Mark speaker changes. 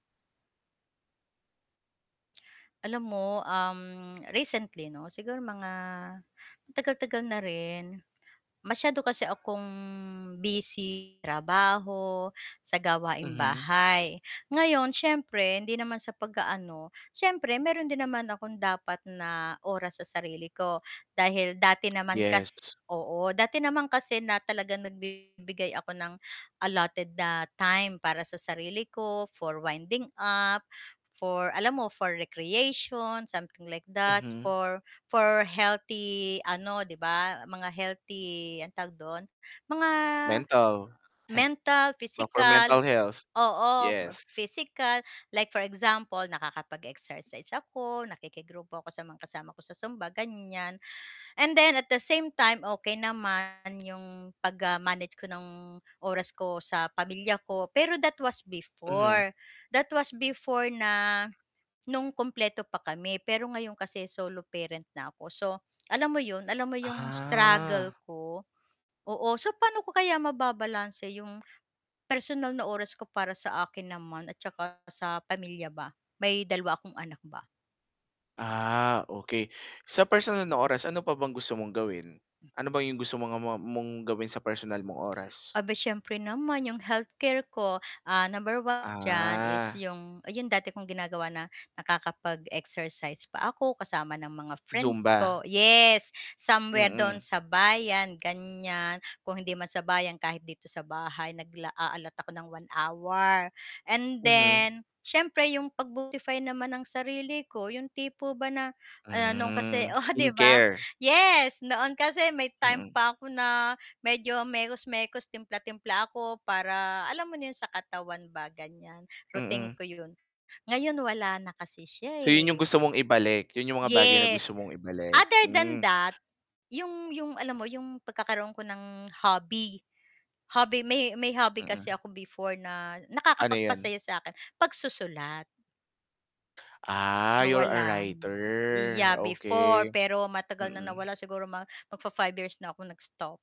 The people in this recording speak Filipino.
Speaker 1: Alam mo, um, recently 'no siguro mga matagal-tagal na rin, masyado kasi akong busy, trabaho sa gawaing
Speaker 2: Mhm.
Speaker 1: bahay. Ngayon siyempre, hindi naman sa pag-aano, siyempre meron din naman akong dapat na oras sa sarili ko, dahil dati naman kas
Speaker 2: Yes.
Speaker 1: oo, dati naman kasi na talagang nagbibigay ako ng allotted na time para sa sarili ko for winding up, for alam mo, for recreation, something like that,
Speaker 2: Mhm.
Speaker 1: for for healthy ano 'di ba, mga healthy anong tawag dun, mga
Speaker 2: Mental,
Speaker 1: mental,
Speaker 2: go for
Speaker 1: physical
Speaker 2: mental health,
Speaker 1: oo,
Speaker 2: yes.
Speaker 1: physical, like for example nakakapag-exercise ako, nakikigrupo ako sa mga kasama ko sa zumba ganiyan. And then at the same time, okey naman 'yong pag, ah, manage ko ng oras ko sa pamilya ko. Pero that was
Speaker 2: Mhm.
Speaker 1: before, that was before na no'ng kumpleto pa kami, pero ngayon kasi solo parent na ako, so alam mo 'yon, alam mo 'yong struggle
Speaker 2: Ah.
Speaker 1: ko, oo. So, paano ko kaya mababalanse 'yong personal na oras ko para sa akin naman at saka sa pamilya ba? May 2 akong anak ba.
Speaker 2: Ah, okey. Sa personal na
Speaker 1: Mm.
Speaker 2: oras ano pa bang gusto mong gawin, ano ba yung gusto mo mga ma mong gawin sa personal mong oras?
Speaker 1: Aba'y siyempre naman yung healthcare ko, ah, number 1 diyan, is
Speaker 2: Ah.
Speaker 1: yung yung dati kong ginagawa na nakakapag-exercise pa ako kasama ng mga friends
Speaker 2: Zumba.
Speaker 1: ko. Yes, somewhere do'n
Speaker 2: Mm.
Speaker 1: sa bayan ganiyan, kung hindi man sa bayan kahit dito sa bahay nagla a-allot ako ng 1 hour. And
Speaker 2: Mhm.
Speaker 1: then siyempre yung pag-beautify naman ng sarili ko yung tipo ba na ah, noon kasi
Speaker 2: Hmm,
Speaker 1: oo 'di ba,
Speaker 2: skincare.
Speaker 1: yes, noon kasi may time
Speaker 2: Mm.
Speaker 1: pa ako na medyo mekos-mekos, timpla-timpla ako para alam mo na yun sa katawan ba ganyan, routine
Speaker 2: Mm.
Speaker 1: ko yun. Ngayon wala na kasi siya,
Speaker 2: So, yun yung
Speaker 1: eh.
Speaker 2: gusto mong ibalik, yun yung mga bagay na gusto
Speaker 1: Yes,
Speaker 2: mong ibalik,
Speaker 1: other than
Speaker 2: hmm.
Speaker 1: that, yung yung alam mo yung pagkakaroon ko ng hobby, hobby, may may hobby kasi
Speaker 2: Mm.
Speaker 1: ako before na
Speaker 2: Ano yun?
Speaker 1: nakakapagpasaya sa'kin, pagsusulat.
Speaker 2: Ah, you're a
Speaker 1: Nawalan,
Speaker 2: writer,
Speaker 1: yeah before,
Speaker 2: okey.
Speaker 1: pero matagal na
Speaker 2: Mm.
Speaker 1: nawala siguro mag mag-fa-five years na akong nag-stop.